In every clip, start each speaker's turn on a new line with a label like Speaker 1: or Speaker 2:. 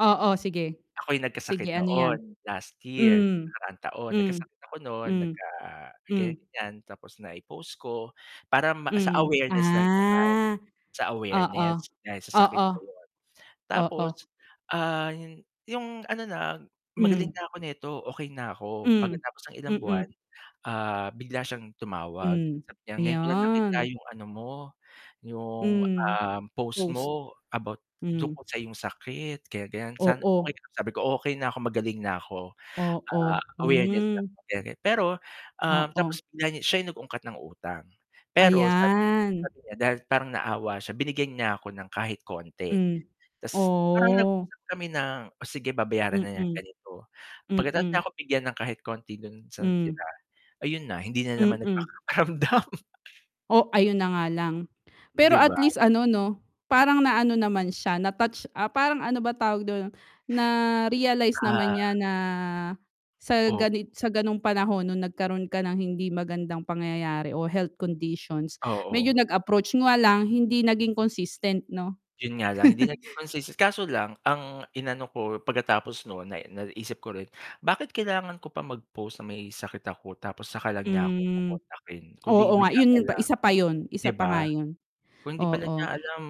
Speaker 1: Oo, sige.
Speaker 2: Ako'y
Speaker 1: Sige
Speaker 2: nagkasakit
Speaker 1: ano 'yan?
Speaker 2: noon, last year.
Speaker 1: Um,
Speaker 2: Nakaraang taon.
Speaker 1: hmm.
Speaker 2: Nagkasakit ako noon nag
Speaker 1: Hmm.
Speaker 2: ka
Speaker 1: Hmm.
Speaker 2: ganyan. Tapos nai-post ko para ma sa
Speaker 1: Mm,
Speaker 2: awareness lang naman,
Speaker 1: ah!
Speaker 2: sa
Speaker 1: Oo.
Speaker 2: awareness dahil sa sakit
Speaker 1: Oo.
Speaker 2: na na yun.
Speaker 1: Oo.
Speaker 2: Tapos, ah, yung ano na, magaling
Speaker 1: Hmm.
Speaker 2: na ako nito okey na ako,
Speaker 1: Um,
Speaker 2: pagkatapos ng ilang buwan,
Speaker 1: mhm.
Speaker 2: ah, bigla siyang tumawag
Speaker 1: Hmm,
Speaker 2: sabi niya, "ngayon ko lang
Speaker 1: ayan.
Speaker 2: nakita yung ano mo yung,
Speaker 1: Hmm,
Speaker 2: um, post
Speaker 1: post.
Speaker 2: mo about
Speaker 1: Hmm.
Speaker 2: tungkol sa iyong sakit." Ganyan, ganyan, "sana okey
Speaker 1: Oo.
Speaker 2: ka lang." sabi ko, "okey na ko magaling na 'ko", "ah
Speaker 1: Oo.
Speaker 2: awareness
Speaker 1: Hmm.
Speaker 2: lang," ganyan ganyan. Pero um,
Speaker 1: Oo.
Speaker 2: tapos bigla niya siya yung nag-ungkat ng utang pero sabi
Speaker 1: Ayan.
Speaker 2: sabi niya dahil parang naawa siya binigyan niya ako ng kahit konti.
Speaker 1: Hmm.
Speaker 2: tas parang
Speaker 1: Oh.
Speaker 2: nag-usap kami ng oh sige, babayaran na niyang
Speaker 1: Mm.
Speaker 2: ganito Pagkatapos niya
Speaker 1: Mm.
Speaker 2: ako bigyan ng kahit konti do'n sa
Speaker 1: Hmm.
Speaker 2: natira, ayun na hindi na naman
Speaker 1: Mm.
Speaker 2: nagparamdam
Speaker 1: Oh, ayun na nga lang. Pero
Speaker 2: 'Di ba?
Speaker 1: at least ano 'no parang na ano naman siya na-touch ah, parang ano ba tawag do'n? Na-realize
Speaker 2: Ah.
Speaker 1: naman niya na, sa
Speaker 2: O
Speaker 1: ganit sa ganong panahon nung nagkaroon ka ng hindi magandang pangyayari o health conditions medyo
Speaker 2: Oo.
Speaker 1: nag-approach 'yun nga lang hindi naging consistent 'no?
Speaker 2: 'Yun nga lang hindi naging consistent kaso lang ang inano ko pagkatapos no'n na naisip ko rin, bakit kailangan ko pa mag post na may sakit ako tapos 'saka lang niya ako
Speaker 1: Hmm.
Speaker 2: kokontakin kundi
Speaker 1: Oo
Speaker 2: ba
Speaker 1: nga,
Speaker 2: niya
Speaker 1: yun yun pa,
Speaker 2: kaila
Speaker 1: isa pa yun,
Speaker 2: 'di
Speaker 1: isa pa
Speaker 2: ba?
Speaker 1: nga yun.
Speaker 2: Kung hindi pala niya
Speaker 1: Oo.
Speaker 2: alam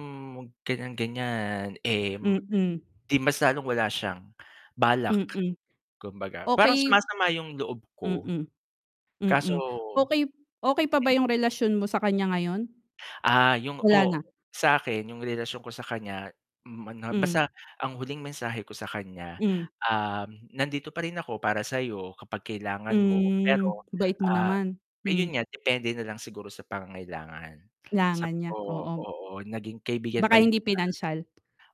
Speaker 2: ganyan, ganyan, eh
Speaker 1: Mm.
Speaker 2: 'di mas lalong wala siyang balak.
Speaker 1: Mm.
Speaker 2: Kumbaga parang
Speaker 1: Okey.
Speaker 2: sumasama yung loob ko.
Speaker 1: Mm.
Speaker 2: Kaso
Speaker 1: Mm, okey okey pa ba yung relasyon mo sa kanya ngayon?
Speaker 2: Ah, yung
Speaker 1: Wala na.
Speaker 2: ko sa'kin yung relasyon ko sa kanya, hmm, ano
Speaker 1: Hmm.
Speaker 2: basta ang huling mensahe ko sa kanya,
Speaker 1: Hmm.
Speaker 2: um, "Nandito pa rin ako para sayo kapag kailangan mo
Speaker 1: Hmm,
Speaker 2: pero,
Speaker 1: bait mo
Speaker 2: ah,
Speaker 1: naman. Hmm.
Speaker 2: ayun nga depende nalang siguro sa pangangailangan.
Speaker 1: Kailangan
Speaker 2: "Sabi
Speaker 1: niya,
Speaker 2: ko,
Speaker 1: oo.
Speaker 2: "Oo naging kaibigan
Speaker 1: Baka
Speaker 2: pa rin
Speaker 1: hindi
Speaker 2: kita."
Speaker 1: pinansyal.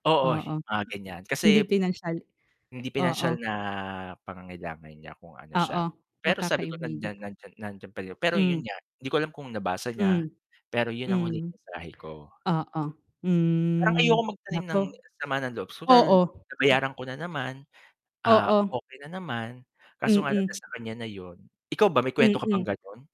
Speaker 2: Oo
Speaker 1: Oo.
Speaker 2: mga ganyan
Speaker 1: Hindi
Speaker 2: kasi
Speaker 1: pinansyal.
Speaker 2: hindi pinansyal
Speaker 1: Oo.
Speaker 2: na pangangailangan niya kung ano siya.
Speaker 1: Oo,
Speaker 2: Pero
Speaker 1: baka
Speaker 2: sabi ko
Speaker 1: kaibiga
Speaker 2: nandiyan nandiyan nandiyan parin pero 'yun
Speaker 1: Hmm.
Speaker 2: nga hindi ko alam kung nabasa niya,
Speaker 1: Hmm.
Speaker 2: pero 'yun ang huling
Speaker 1: Hmm.
Speaker 2: mensahe ko.
Speaker 1: Oo,
Speaker 2: Parang
Speaker 1: hmm,
Speaker 2: ayoko magtanim
Speaker 1: naku.
Speaker 2: ng sama ng loob. Total,
Speaker 1: Oo. [unintelligible]
Speaker 2: nabayaran ko na naman, ah,
Speaker 1: Oo.
Speaker 2: okey na naman, kaso nga lang
Speaker 1: Mhm.
Speaker 2: nasa kanya na 'yun. Ikaw ba may kuwento ka bang
Speaker 1: Mhm.
Speaker 2: gano'n?